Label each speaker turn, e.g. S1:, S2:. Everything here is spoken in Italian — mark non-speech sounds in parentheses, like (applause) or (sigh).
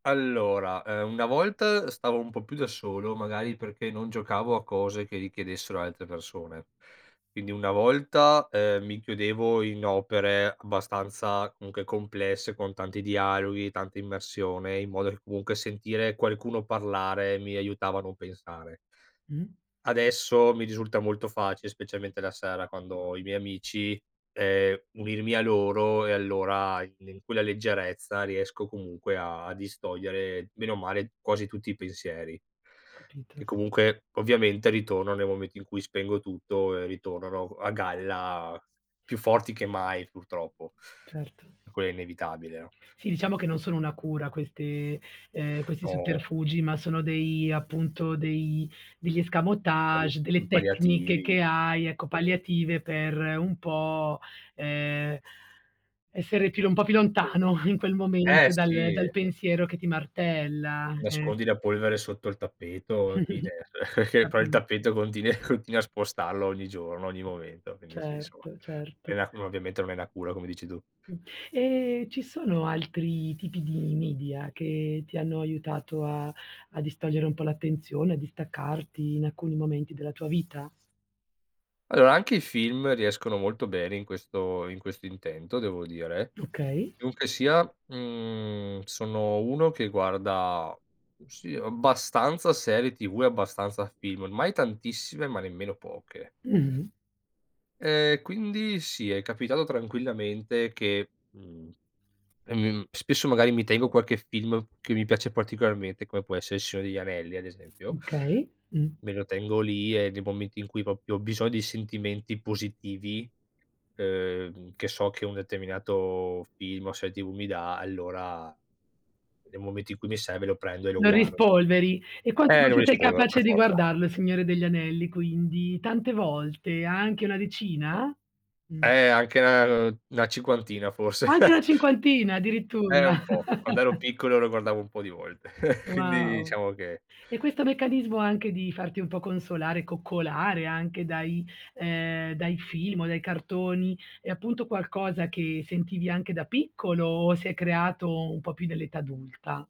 S1: Allora, uhm, una volta stavo un po' più da solo, magari perché non giocavo a cose che richiedessero altre persone. Quindi una volta, ehm, mi chiudevo in opere abbastanza, comunque, complesse, con tanti dialoghi, tanta immersione, in modo che, comunque, sentire qualcuno parlare, mi aiutava a non pensare.
S2: Mh.
S1: Adesso mi risulta molto facile, specialmente la sera, quando ho i miei amici, ehm, unirmi a loro e allora i in quella leggerezza riesco, comunque, a distogliere bene o male, quasi tutti i pensieri che,
S2: Capito.
S1: comunque, ovviamente ritornano, nel momento in cui spengo tutto e, ritornano a g a galla più forti che mai, purtroppo.
S2: Certo.
S1: Quel è inevitabile, no?
S2: Sì, diciamo che non sono una cura queste ehm, questi
S1: No.
S2: sotterfugi, ma sono dei appunto dei degli
S1: Quelli
S2: escamotage,
S1: mhmm,
S2: delle tecniche
S1: palliativi,
S2: che hai, ecco,
S1: mh.
S2: palliative per un po', ehm, essere più un po' più lontano in quel
S1: Eh
S2: momento, dal
S1: sì.
S2: dal pensiero che ti martella, eh
S1: Nascondi la polvere sotto il tappeto, fine,
S2: (chuckles)
S1: (chuckles) poi il
S2: Capisco.
S1: tappeto continui continui a spostarlo ogni giorno, ogni momento. Quindi sì, insomma
S2: Certo, certo.
S1: (unintelligible) ovviamente non è una cura come dici tu.
S2: Mh, e ci sono altri tipi di media che ti hanno aiutato a a distogliere un po' l'attenzione, a distaccarti in alcuni momenti della tua vita?
S1: Allora anche i film riescono molto bene in questo in questo intento devo dire.
S2: Okay.
S1: Comunque sia, mhmm, sono uno che guarda, sì, abbastanza serie TV e abbastanza film, mai tantissime, ma nemmeno poche.
S2: Mh-mh.
S1: Ehm, quindi sì, è capitato, tranquillamente che, mhmm, ehm, m spesso magari mi tengo qualche film che mi piace particolarmente come può essere Il Signore degli Anelli ad esempio
S2: Mh, okay, mh.
S1: me lo tengo lì e nei momenti in cui proprio ho biso di sentimenti positivi, uhm, che so che un determinato film o serie TV mi dà, allora, nel momento in cui mi serve lo prendo e lo
S2: Lo
S1: guardo.
S2: rispolveri. E quanto
S1: Ehm, lo
S2: invece sei
S1: rispolvero, per
S2: capace di
S1: forza.
S2: guardarlo Il Signore degli Anelli, quindi, tante volte? Anche una decina? Mh.
S1: Eh anche, uhm, 'na cinquantina forse.
S2: Anche
S1: (chuckles)
S2: una cinquantina,
S1: Eh
S2: addirittura?
S1: un po'. Quando ero piccolo lo
S2: (chuckles)
S1: guardavo un po' di volte. (chuckles) Quindi
S2: Wow.
S1: diciamo che
S2: E questo meccanismo anche di farti un po' consolare, coccolare anche dai ehm, dai film o dai cartoni è appunto qualcosa che sentivi anche da piccolo, o si è creato un po' più nell'età adulta?